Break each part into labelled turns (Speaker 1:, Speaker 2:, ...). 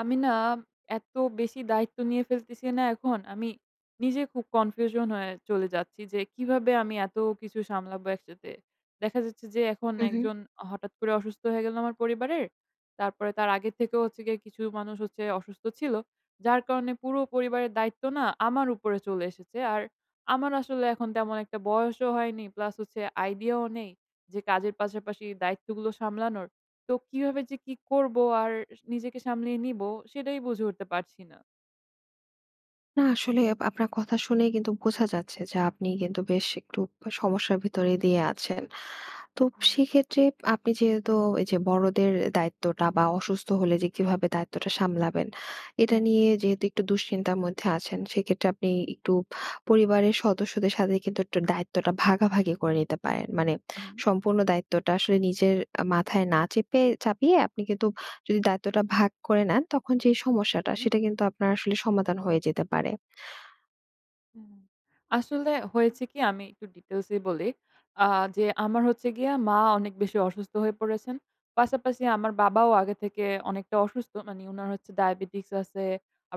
Speaker 1: আমি না, এত বেশি দায়িত্ব নিয়ে ফেলতেছি না এখন। আমি নিজে খুব কনফিউশন হয়ে চলে যাচ্ছি। যে কিভাবে আমি এত কিছু সামলাবো একসাথে। দেখা যাচ্ছে যে, এখন
Speaker 2: হুম, হুম।
Speaker 1: একজন হঠাৎ করে অসুস্থ হয়ে গেল আমার পরিবারের। তারপরে তার আগের থেকেও হচ্ছে গিয়ে কিছু মানুষ হচ্ছে অসুস্থ ছিল। যার কারণে পুরো পরিবারের দায়িত্ব না আমার উপরে চলে এসেছে। আর আমার আসলে এখন তেমন একটা বয়সও হয়নি। প্লাস হচ্ছে আইডিয়াও নেই। যে কাজের পাশাপাশি দায়িত্বগুলো সামলানোর। তো কিভাবে যে কি করব আর নিজেকে সামলিয়ে নিবো সেটাই বুঝে উঠতে পারছি না।
Speaker 2: না, আসলে আপনার কথা শুনেই কিন্তু বোঝা যাচ্ছে যে আপনি কিন্তু বেশ একটু সমস্যার ভিতরে দিয়ে আছেন। তো
Speaker 1: হুম।
Speaker 2: সেক্ষেত্রে আপনি যেহেতু এই যে বড়দের দায়িত্বটা বা অসুস্থ হলে যে কিভাবে দায়িত্বটা সামলাবেন। এটা
Speaker 1: হ্যাঁ।
Speaker 2: নিয়ে যেহেতু একটু দুশ্চিন্তার মধ্যে আছেন সেক্ষেত্রে আপনি একটু পরিবারের সদস্যদের সাথে কিন্তু একটু দায়িত্বটা ভাগাভাগি করে নিতে পারেন। মানে
Speaker 1: হুম।
Speaker 2: সম্পূর্ণ দায়িত্বটা আসলে নিজের আ মাথায় না চেপে চাপিয়ে আপনি কিন্তু যদি দায়িত্বটা ভাগ করে নেন তখন যেই সমস্যাটা
Speaker 1: হুম।
Speaker 2: সেটা কিন্তু আপনার আসলে সমাধান হয়ে যেতে পারে।
Speaker 1: হুম। আসলে হয়েছে কি আমি একটু ডিটেইলসে বলি। আ যে আমার হচ্ছে গিয়ে মা অনেক বেশি অসুস্থ হয়ে পড়েছেন, পাশাপাশি আমার বাবাও আগে থেকে অনেকটা অসুস্থ। মানে উনার হচ্ছে ডায়াবেটিকস আছে,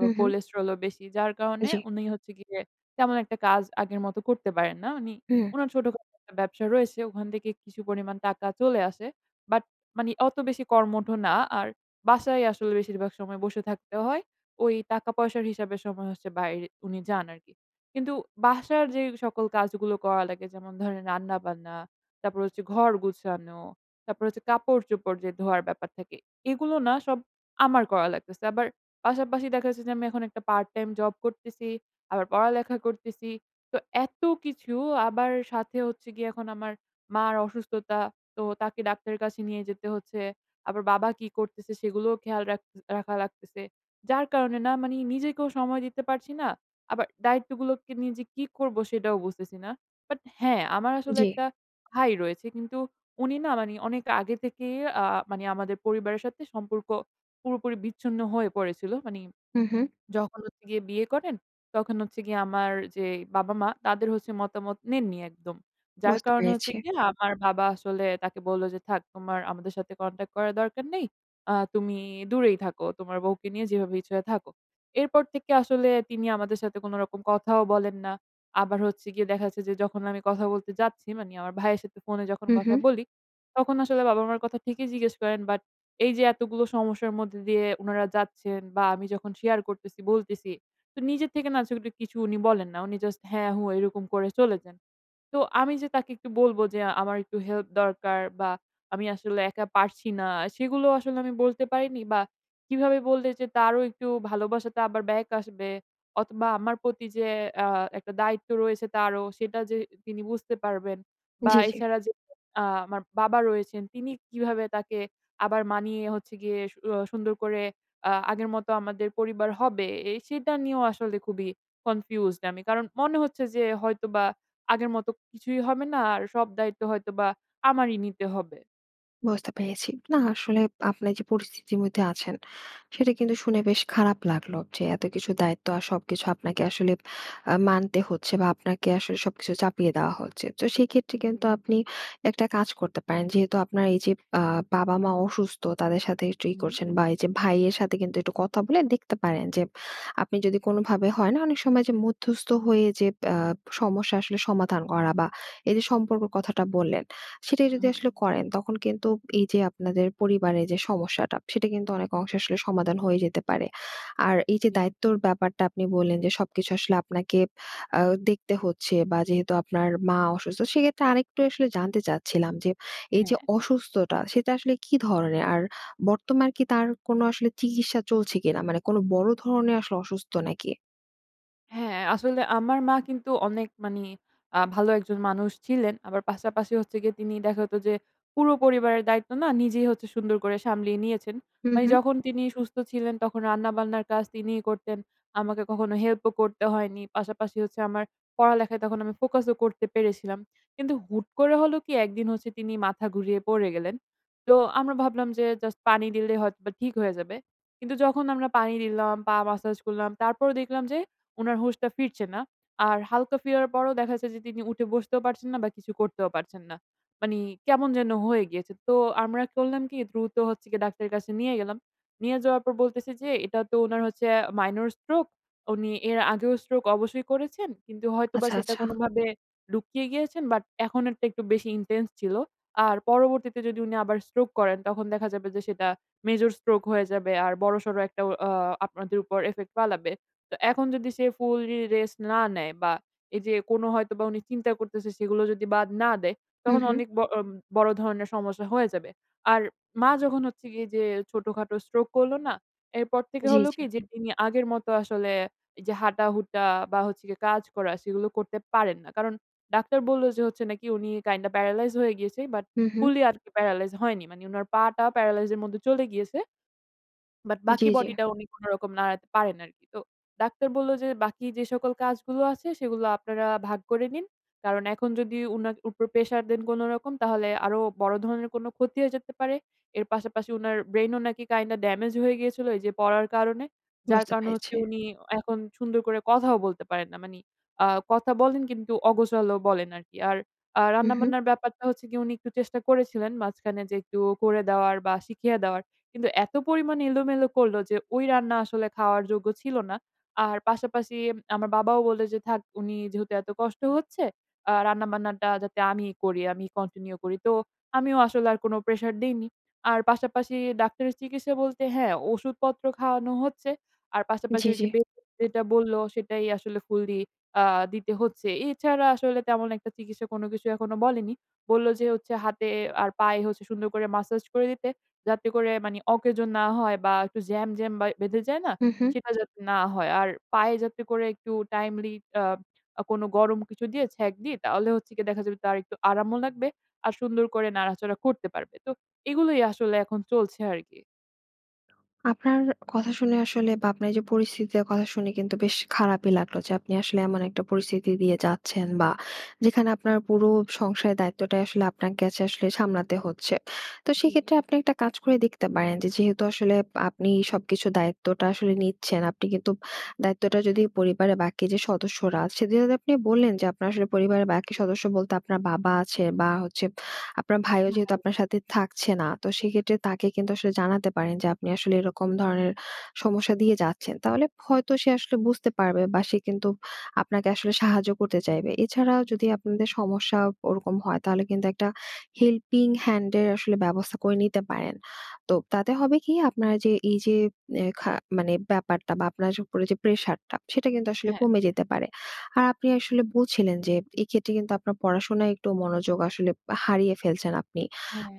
Speaker 2: হুম, হুম।
Speaker 1: কোলেস্টেরলও বেশি। যার কারণে
Speaker 2: জি।
Speaker 1: উনি হচ্ছে গিয়ে তেমন একটা কাজ আগের মত করতে পারেন না। উনি
Speaker 2: হুম।
Speaker 1: উনার ছোটখাটো একটা ব্যবসা রয়েছে, ওখান থেকে কিছু পরিমাণ টাকা চলে আসে। বাট মানে অত বেশি কর্মঠ না, আর বাসায় আসলে বেশিরভাগ সময় বসে থাকতে হয়। ওই টাকা পয়সার হিসাবে সময় হচ্ছে বাইরে উনি যান আরকি। কিন্তু বাসার যে সকল কাজগুলো করা লাগে যেমন ধরেন রান্নাবান্না, তারপর হচ্ছে ঘর গুছানো, তারপর হচ্ছে কাপড়-চোপড় যে ধোয়ার ব্যাপার থাকে, এগুলো না সব আমার করা লাগতেছে। আবার পাশাপাশি দেখা যাচ্ছে যে আমি এখন একটা পার্ট-টাইম জব করতেছি, আবার পড়ালেখা করতেছি। তো এত কিছু আবার সাথে হচ্ছে গিয়ে এখন আমার মার অসুস্থতা। তো তাকে ডাক্তারের কাছে নিয়ে যেতে হচ্ছে। আবার বাবা কি করতেছে সেগুলোও খেয়াল রাখ রাখা লাগতেছে। যার কারণে না মানে নিজেকেও সময় দিতে পারছি না, আবার দায়িত্বগুলোকে নিয়ে যে কি করব সেটাও বুঝতেছি না। বাট হ্যাঁ, আমার আসলে
Speaker 2: জি।
Speaker 1: একটা ভাই রয়েছে। কিন্তু উনি না মানে অনেক আগে থেকেই আ মানে আমাদের পরিবারের সাথে সম্পর্ক পুরোপুরি বিচ্ছিন্ন হয়ে পড়েছিল। মানে
Speaker 2: হুম, হুম।
Speaker 1: যখন হচ্ছে গিয়ে বিয়ে করেন, তখন হচ্ছে গিয়ে আমার যেই বাবা-মা তাদের হচ্ছে মতামত নেননি একদম। যার
Speaker 2: বুঝতে
Speaker 1: কারণে হচ্ছে
Speaker 2: পেরেছি।
Speaker 1: গিয়ে আমার বাবা আসলে তাকে বলল যে "থাক তোমার আমাদের সাথে কনট্যাক্ট করার দরকার নেই। আ তুমি দূরেই থাকো, তোমার বউকে নিয়ে যেভাবে ইচ্ছা হয় থাকো।" এরপর থেকে আসলে তিনি আমাদের সাথে কোন রকম কথা কথাও বলেন না। আবার হচ্ছে গিয়ে দেখা যাচ্ছে যে যখন আমি কথা বলতে যাচ্ছি মানে আমার ভাইয়ের সাথে ফোনে যখন
Speaker 2: হুম,
Speaker 1: কথা
Speaker 2: হুম।
Speaker 1: বলি, তখন আসলে বাবা-মার কথা ঠিকই জিজ্ঞেস করেন। বাট এই যে এতগুলো সমস্যার মধ্যে দিয়ে উনারা যাচ্ছেন বা আমি যখন শেয়ার করতেছি, বলতেছি, তো নিজের থেকে না সেগুলি উনি বলেন না। উনি জাস্ট হ্যাঁ, হু এইরকম করে চলে যান। তো আমি যে তাকে একটু বলব যে আমার একটু হেল্প দরকার বা আমি আসলে একা পারছি না, সেগুলোও আসলে আমি বলতে পারিনি বা কিভাবে বললে যে তারও একটু ভালোবাসাটা আবার ব্যাক আসবে অথবা আমার প্রতি যে আ একটা দায়িত্ব রয়েছে তারও সেটা যে তিনি বুঝতে পারবেন। বা
Speaker 2: জি, জি।
Speaker 1: এছাড়া যে আ আমার বাবা রয়েছেন, তিনি কিভাবে তাকে আবার মানিয়ে হচ্ছে গিয়ে সু আ সুন্দর করে আ আগের মতো আমাদের পরিবার হবে, এ সেটা নিয়েও আসলে খুবই কনফিউজড আমি। কারণ মনে হচ্ছে যে হয়তোবা আগের মতো কিছুই হবে না আর সব দায়িত্ব হয়তোবা আমারই নিতে হবে।
Speaker 2: বুঝতে পেরেছি। না আসলে আপনার যে পরিস্থিতির মধ্যে আছেন, সেটা কিন্তু শুনে বেশ খারাপ লাগলো। যে এতকিছু দায়িত্ব আর সবকিছু আপনাকে আসলে অ্যা মানতে হচ্ছে, বা আপনাকে আসলে সবকিছু চাপিয়ে দেয়া হচ্ছে। তো সেক্ষেত্রে
Speaker 1: উ
Speaker 2: কিন্তু
Speaker 1: জি।
Speaker 2: আপনি একটা কাজ করতে পারেন। যেহেতু আপনার এই যে অ্যা বাবা-মা অসুস্থ, তাদের সাথে একটু ই
Speaker 1: হুম।
Speaker 2: করছেন, বা এই যে ভাইয়ের সাথে কিন্তু একটু কথা বলে দেখতে পারেন, যে আপনি যদি কোনভাবে
Speaker 1: আচ্ছা।
Speaker 2: হয় না অনেক সময়, যে মধ্যস্থ হয়ে যে ব অ্যা সমস্যা আসলে সমাধান করা, বা এই যে সম্পর্কর কথাটা বললেন, সেটাই যদি আসলে
Speaker 1: উম
Speaker 2: করেন তখন কিন্তু এই যে আপনাদের পরিবারে যে সমস্যাটা, সেটা কিন্তু অনেক অংশে আসলে সমাধান হয়ে যেতে পারে। আর এই যে
Speaker 1: জি।
Speaker 2: দায়িত্বর ব্যাপারটা আপনি বললেন, যে সবকিছু আসলে আপনাকে অ্যা দেখতে হচ্ছে, বা যেহেতু আপনার মা অসুস্থ, সেক্ষেত্রে আরেকটু আসলে জানতে চাচ্ছিলাম, যে এই যে
Speaker 1: হ্যাঁ।
Speaker 2: অসুস্থতা সেটা আসলে কি ধরনের? আর বর্তমান কি তার কোন আসলে চিকিৎসা চলছে কিনা? মানে কোন বড় ধরনের আসলে অসুস্থ নাকি?
Speaker 1: হ্যাঁ, আসলে আমার মা কিন্তু অনেক মানে অ্যা ভালো একজন মানুষ ছিলেন। আবার পাশাপাশি হচ্ছে গিয়ে, তিনি দেখা হতো যে পুরো পরিবারের দায়িত্ব না নিজেই হচ্ছে সুন্দর করে সামলিয়ে নিয়েছেন।
Speaker 2: হুম,
Speaker 1: মানে
Speaker 2: হুম।
Speaker 1: যখন তিনি সুস্থ ছিলেন তখন রান্না-বান্নার কাজ তিনিই করতেন। আমাকে কখনো হেল্প ও করতে হয়নি। পাশাপাশি হচ্ছে, আমার পড়ালেখায় তখন আমি ফোকাস ও করতে পেরেছিলাম। কিন্তু হুট করে হলো কি, একদিন হচ্ছে তিনি মাথা ঘুরিয়ে পড়ে গেলেন। তো আমরা ভাবলাম যে জাস্ট পানি দিলেই হয়তোবা ঠিক হয়ে যাবে। কিন্তু যখন আমরা পানি দিলাম, পা ম্যাসাজ করলাম, তারপরও দেখলাম যে, উনার হুশটা ফিরছে না। আর হালকা ফিরার পরও দেখা যাচ্ছে যে তিনি উঠে বসতেও পারছেন না, বা কিছু করতেও পারছেন না। মানে কেমন যেন হয়ে গিয়েছে। তো আমরা করলাম কি, দ্রুত হচ্ছে গিয়ে ডাক্তারের কাছে নিয়ে গেলাম। নিয়ে যাওয়ার পর বলতেছে যে, "এটা তো উনার হচ্ছে আ মাইনর স্ট্রোক, উনি এর আগেও স্ট্রোক অবশ্যই করেছেন। কিন্তু হয়তোবা
Speaker 2: আচ্ছা,
Speaker 1: সেটা
Speaker 2: আচ্ছা।
Speaker 1: কোনোভাবে লুকিয়ে গিয়েছেন। বাট এখন এরটা একটু বেশি ইনটেনস ছিল। আর পরবর্তীতে যদি উনি আবার স্ট্রোক করেন, তখন দেখা যাবে যে সেটা মেজর স্ট্রোক হয়ে যাবে। আর বড়সড় একটা অ অ্যা আপনাদের উপর ইফেক্ট ফালাবে। তো এখন যদি সে ফুললি রেস্ট না নেয়, বা এই যে কোন হয়তোবা উনি চিন্তা করতেছে, সেগুলো যদি বাদ না দেয়,
Speaker 2: হু,
Speaker 1: তখন
Speaker 2: হুম।
Speaker 1: অনেক ব অ বড় ধরনের সমস্যা হয়ে যাবে।" আর মা যখন হচ্ছে গিয়ে যে ছোটখাটো স্ট্রোক করলো না, এরপর থেকে
Speaker 2: জি,
Speaker 1: হলো
Speaker 2: জি।
Speaker 1: কি, যে তিনি আগের মতো আসলে যে হাঁটাহুটা, বা হচ্ছে গিয়ে কাজ করা, সেগুলো করতে পারেন না। কারণ ডাক্তার বলল, যে হচ্ছে নাকি উনি কাইন্ডা প্যারালাইজ হয়ে গিয়েছে। বাট
Speaker 2: হুম, হুম।
Speaker 1: ফুললি আরকি প্যারালাইজ হয়নি। মানে উনার পাটা প্যারালাইজ এর মধ্যে চলে গিয়েছে। বাট
Speaker 2: জ্বী,
Speaker 1: বাকি
Speaker 2: জ্বী।
Speaker 1: বডি টা উনি কোনরকম নাড়াতে পারেন আরকি। তো ডাক্তার বলল যে, "বাকি যে সকল কাজগুলো আছে, সেগুলা আপনারা ভাগ করে নিন। কারণ এখন যদি উনার উপর প্রেশার দেন কোনরকম, তাহলে আরো বড় ধরনের কোন ক্ষতি হয়ে যেতে পারে।" এর পাশাপাশি উনার ব্রেইন ও নাকি কাইন্ডা ডেমেজ হয়ে গিয়েছিল, এই যে পড়ার কারণে। যার
Speaker 2: বুঝতে
Speaker 1: কারণ হচ্ছে,
Speaker 2: পেরেছি।
Speaker 1: উনি এখন সুন্দর করে কথাও বলতে পারেন না। মানে অ্যা কথা বলেন কিন্তু অগোছালো বলেন আরকি। আর অ্যা
Speaker 2: হুম, হুম।
Speaker 1: রান্না-বান্নার ব্যাপারটা হচ্ছে গিয়ে, উনি একটু চেষ্টা করেছিলেন মাঝখানে যে একটু করে দেওয়ার, বা শিখিয়ে দেওয়ার। কিন্তু এত পরিমাণে এলোমেলো করলো, যে ওই রান্না আসলে খাওয়ার যোগ্য ছিল না। আর পাশাপাশি আমার বাবাও বলল যে, "থাক, উনি যেহেতু এত কষ্ট হচ্ছে অ্যা রান্না-বান্নাটা যাতে আমিই করি, আমি কন্টিনিউ করি।" তো আমিও আসলে আর কোন প্রেশার দেইনি। আর পাশাপাশি ডাক্তারের চিকিৎসা বলতে, হ্যাঁ, ওষুধপত্র খাওয়ানো হচ্ছে। আর পাশাপাশি
Speaker 2: জি,
Speaker 1: ওই
Speaker 2: জি।
Speaker 1: যে বেড রেস্ট যেটা বলল, সেটাই আসলে ফুললি অ্যা দিতে হচ্ছে। এছাড়া আসলে তেমন একটা চিকিৎসা কোন কিছু এখনো বলেনি। বললো যে হচ্ছে, হাতে আর পায়ে হচ্ছে সুন্দর করে ম্যাসাজ করে দিতে। যাতে করে মানে অকেজো না হয়, বা একটু জ্যাম, জ্যাম বা বেঁধে যায় না?
Speaker 2: হুম, হুম।
Speaker 1: সেটা যাতে না হয়। আর পায়ে যাতে করে একটু টাইমলি অ্যা আ কোনো গরম কিছু দিয়ে ছ্যাঁক দি, তাহলে হচ্ছে গিয়ে দেখা যাবে তার একটু আরামও লাগবে। আর সুন্দর করে নাড়াচড়া করতে পারবে। তো এগুলোই আসলে এখন চলছে আরকি।
Speaker 2: আপনার কথা শুনে আসলে বা, আপনার এইযে পরিস্থিতিটার কথা শুনে কিন্তু বেশ খারাপই লাগলো যে, আপনি আসলে এমন একটা পরিস্থিতি দিয়ে যাচ্ছেন বা, যেখানে আপনার পুরো সংসারের দায়িত্বটাই আসলে আপনাকে আচে আসলে সামলাতে হচ্ছে। তো
Speaker 1: হুম।
Speaker 2: সেক্ষেত্রে, আপনি একটা কাজ করে দেখতে পারেন যে, যেহেতু আসলে আপনি সবকিছুর দায়িত্বটা আসলে নিচ্ছেন, আপনি কিন্তু
Speaker 1: হু, হু।
Speaker 2: দায়িত্বটা যদি পরিবারের বাকি যে সদস্যরা আছে, যেহেতু আপনি বললেন যে, আপনার আসলে পরিবারের বাকি সদস্য বলতে আপনার বাবা আছে বা, হচ্ছে আপনার ভাইও যেহেতু
Speaker 1: নাহাই উ
Speaker 2: আপনার সাথে থাকছে না। তো সেক্ষেত্রে, তাকে কিন্তু আসলে জানাতে পারেন যে, আপনি আসলে এরকম ধরনের সমস্যা দিয়ে যাচ্ছেন। তাহলে হয়তো সে আসলে বুঝতে পারবে, বা সে কিন্তু আপনাকে আসলে সাহায্য করতে চাইবে। এছাড়াও যদি
Speaker 1: হু,
Speaker 2: আপনাদের
Speaker 1: হু।
Speaker 2: সমস্যা ওরকম হয়, তাহলে কিন্তু একটা helping hand এর আসলে ব্যবস্থা করে নিতে পারেন। তো, তাতে হবে কি? আপনার যে এইযে নে খা মানে ব্যাপারটা বা, আপনার উপরে যে প্রেশারটা, সেটা কিন্তু আসলে
Speaker 1: হ্যাঁ।
Speaker 2: কমে যেতে পারে। আর আপনি আসলে বলছিলেন যে, এক্ষেত্রে কিন্তু আপনার পড়াশোনায় একটু মনোযোগ আসলে পা হারিয়ে ফেলছেন আপনি।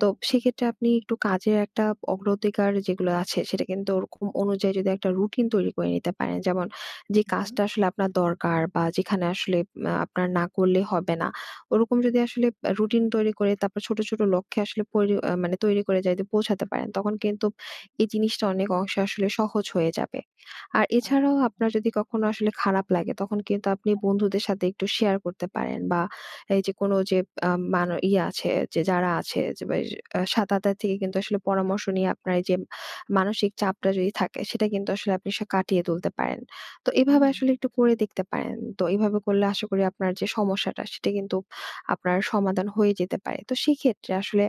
Speaker 2: তো সেক্ষেত্রে আপনি একটু কাজের একটা অগ্র অধিকার যেগুলো আছে, সেটা কিন্তু ওরকম অনুযায়ী যদি একটা রুটিন তৈরি করে নিতে পারেন। যেমন, যে
Speaker 1: হু, হুম।
Speaker 2: কাজটা আসলে আপনার দরকার বা, যেখানে আসলে আ আপনার না করলে হবে না। ওরকম যদি আসলে পা রুটিন তৈরি করে, তারপর ছোট, ছোট লক্ষ্যে আসলে পরি আ মানে তৈরি করে যদি পৌঁছাতে পারেন, তখন কিন্তু
Speaker 1: হু।
Speaker 2: এই জিনিসটা অনেক অংশে আসলে সহজ হয়ে যাবে। আর, এছাড়াও
Speaker 1: আচ্ছা।
Speaker 2: আপনার যদি কখনো আসলে খারাপ লাগে, তখন কিন্তু আপনি
Speaker 1: হ্যাঁ।
Speaker 2: বন্ধুদের সাথে একটু শেয়ার করতে পারেন। বা এইযে, কোন যে আ মান ইয়ে আছে যে যারা আছে, যে বে সাত আথী থেকে কিন্তু আসলে পরামর্শ নিয়ে আপনার এইযে মানসিক চাপটা যদি থাকে। সেটা কিন্তু আসলে আপনি সা কাটিয়ে তুলতে পারেন। তো এভাবে
Speaker 1: হুম।
Speaker 2: আসলে একটু করে দেখতে পারেন। তো এভাবে করলে আশা করি আপনার যে সমস্যাটা, সেটা কিন্তু আপনার সমাধান হয়ে যেতে পারে। তো সেক্ষেত্রে আসলে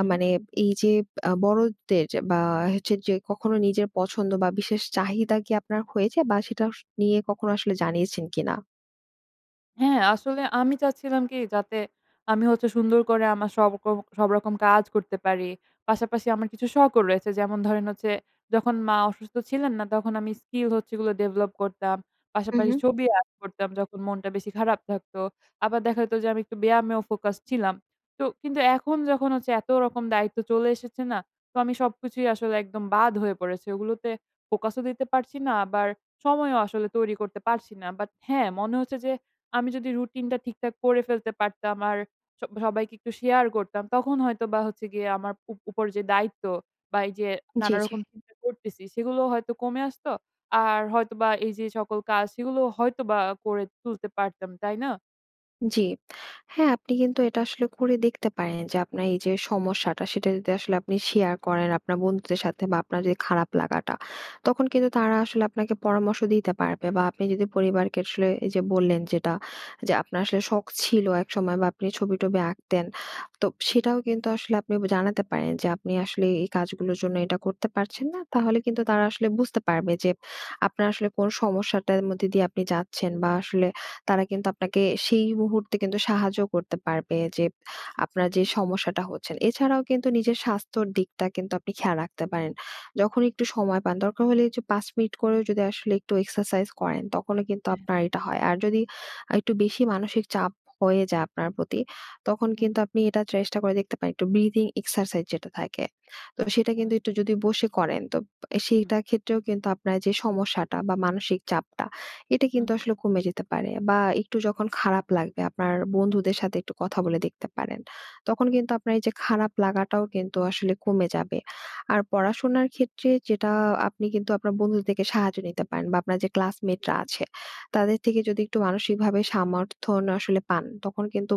Speaker 2: আ মানে এইযে আ বড়দের যা বা, হচ্ছে যে কখনো নিজের পছন্দ বা, বিশেষ চাহিদা কি আপনার হয়েছে বা, সেটা অস নিয়ে কখনো আসলে জানিয়েছেন কিনা?
Speaker 1: হ্যাঁ, আসলে আমি চাচ্ছিলাম কি যাতে আমি হচ্ছে সুন্দর করে আমার সবকর সবরকম কাজ করতে পারি। পাশাপাশি আমার কিছু শখও রয়েছে। যেমন ধরেন হচ্ছে যখন মা অসুস্থ ছিলেন না, তখন আমি স্কিল হচ্ছে এগুলো ডেভেলপ করতাম।
Speaker 2: হু,
Speaker 1: পাশাপাশি
Speaker 2: হু।
Speaker 1: ছবি আর্ট করতাম যখন মনটা বেশি খারাপ থাকতো। আবার দেখা যেত যে আমি একটু ব্যায়ামেও ফোকাস ছিলাম। তো কিন্তু এখন যখন হচ্ছে এত রকম দায়িত্ব চলে এসেছে না? তো আমি সবকিছুই আসলে একদম বাদ হয়ে পড়েছে। এগুলোতে ফোকাসও দিতে পারছি না, আবার সময়ও আসলে তৈরি করতে পারছি না। বাট হ্যাঁ, মনে হচ্ছে যে আমি যদি রুটিনটা ঠিকঠাক করে ফেলতে পারতাম আর সব সবাইকে একটু শেয়ার করতাম, তখন হয়তোবা হচ্ছে গিয়ে আমার উপ উপর যে দায়িত্ব বা এই যে
Speaker 2: জি, জি।
Speaker 1: নানারকম চিন্তা করতেছি, সেগুলোও হয়তো কমে আসত। আর হয়তোবা এই যে সকল কাজ সেগুলো হয়তোবা করে তুলতে পারতাম, তাই না?
Speaker 2: জি। হ্যাঁ আপনি কিন্তু এটা আসলে করে দেখতে পারেন যে আপনার এই যে সমস্যাটা, সেটা যদি আসলে আপনি শেয়ার করেন আপনার বন্ধুদের সাথে বা আপনার যে খারাপ লাগাটা, তখন কিন্তু তারা আসলে আপনাকে পরামর্শ দিতে পারবে। বা আপনি যদি পরিবারকে আসলে এই যে বললেন যেটা, যে আপনার আসলে শখ ছিল একসময় বা আপনি ছবি-টবি আঁকতেন। তো
Speaker 1: হু, হু।
Speaker 2: সেটাও কিন্তু আসলে আপনি ব জানাতে পারেন যে আপনি আসলে এই কাজগুলোর জন্য এটা করতে পারছেন না। তাহলে কিন্তু তারা আসলে বুঝতে পারবে যে আপনার আসলে কোন সমস্যাটার মধ্যে দিয়ে আপনি যাচ্ছেন। বা আসলে তারা কিন্তু আপনাকে সেই মুহূর্তে কিন্তু সাহায্যও করতে পারবে যে
Speaker 1: হু,
Speaker 2: আপনার যে
Speaker 1: হু।
Speaker 2: সমস্যাটা হচ্ছেন। এছাড়াও কিন্তু নিজের স্বাস্থ্যর দিকটা কিন্তু আপনি খেয়াল রাখতে পারেন, যখন একটু সময় পান। দরকার হলে এই যে ৫ মিনিট করেও যদি আসলে একটু এক্সারসাইজ করেন, তখনও কিন্তু
Speaker 1: হ্যাঁ।
Speaker 2: আপনার এটা হয়। আর যদি আর একটু বেশি মানসিক চাপ হয়ে যায় আপনার প্রতি, তখন
Speaker 1: হু,
Speaker 2: কিন্তু
Speaker 1: হু।
Speaker 2: আপনি এটা চেষ্টা করে দেখতে পারেন। একটু breathing exercise যেটা থাকে, তো সেটা
Speaker 1: আ
Speaker 2: কিন্তু একটু যদি বসে করেন, তো এ
Speaker 1: হুম।
Speaker 2: সেইটার ক্ষেত্রেও কিন্তু আপনার যে সমস্যাটা বা মানসিক চাপটা এটা
Speaker 1: হু,
Speaker 2: কিন্তু
Speaker 1: হু।
Speaker 2: আসলে কমে যেতে পারে। বা একটু যখন খারাপ লাগবে, আপনার বন্ধুদের সাথে একটু কথা বলে দেখতে পারেন। তখন কিন্তু আপনার এই যে খারাপ লাগাটাও কিন্তু আসলে কমে যাবে। আর পড়াশোনার ক্ষেত্রে যেটা, আপনি কিন্তু আপনার বন্ধুদের থেকে সাহায্য নিতে পারেন। বা আপনার যে
Speaker 1: হু,
Speaker 2: ক্লাসমেটরা
Speaker 1: হু।
Speaker 2: আছে তাদের থেকে যদি একটু মানসিকভাবে সমর্থন আসলে পান, তখন কিন্তু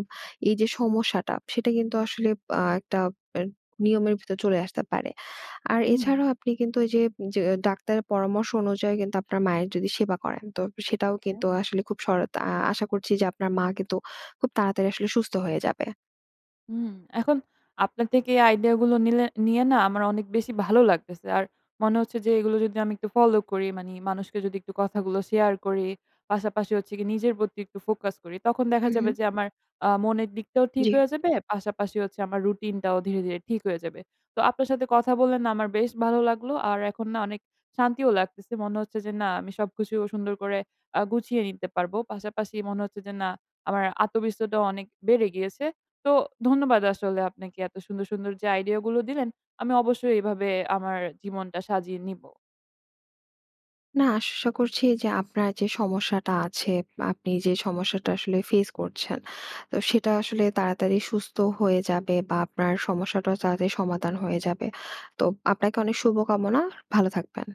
Speaker 2: এই যে সমস্যাটা সেটা কিন্তু আসলে আহ একটা এ নিয়মের ভিতর চলে আসতে পারে। আর
Speaker 1: হুম।
Speaker 2: এছাড়াও আপনি কিন্তু ঐ যে য ডাক্তারের পরামর্শ অনুযায়ী কিন্তু আপনার মায়ের যদি সেবা করেন, তো সেটাও
Speaker 1: হ্যাঁ।
Speaker 2: কিন্তু আসলে খুব সরত আ আশা করছি যে আপনার মা কিন্তু খুব তাড়াতাড়ি আসলে সুস্থ হয়ে যাবে।
Speaker 1: হুম। এখন আপনার থেকে এই আইডিইয়া গুলো নিলে নিয়ে না আমার অনেক বেশি ভালো লাগতেছে। আর মনে হচ্ছে যে এগুলো যদি আমি একটু ফলো করি মানে মানুষকে যদি একটু কথাগুলো শেয়ার করি। পাশাপাশি হচ্ছে কি নিজের প্রতি একটু ফোকাস করি, তখন দেখা
Speaker 2: হু, হু।
Speaker 1: যাবে যে আমার আ মনের দিকটাও ঠিক
Speaker 2: জি।
Speaker 1: হয়ে যাবে। পাশাপাশি হচ্ছে আমার রুটিনটাও ধীরে, ধীরে ঠিক হয়ে যাবে। তো আপনার সাথে কথা বললে না আমার বেশ ভালো লাগলো। আর এখন না অনেক শান্তিও লাগতেছে। মনে হচ্ছে যে না আমি সবকিছু সুন্দর করে আ গুছিয়ে নিতে পারব। পাশাপাশি মনে হচ্ছে যে না, আমার আত্মবিশ্বাসটা অনেক বেড়ে গিয়েছে। তো ধন্যবাদ আসলে আপনাকে এত সুন্দর, সুন্দর যে আইডিইয়া গুলো দিলেন। আমি অবশ্যই এভাবে আমার জীবনটা সাজিয়ে নিবো।
Speaker 2: না আশা করছি যে আপনার যে সমস্যাটা আছে বা আপনি যে সমস্যাটা আসলে ফেইস করছেন, তো সেটা আসলে তাড়াতাড়ি সুস্থ হয়ে যাবে বা আপনার সমস্যাটাও তাড়াতাড়ি সমাধান হয়ে যাবে। তো আপনাকে অনেক শুভকামনা, ভালো থাকবেন।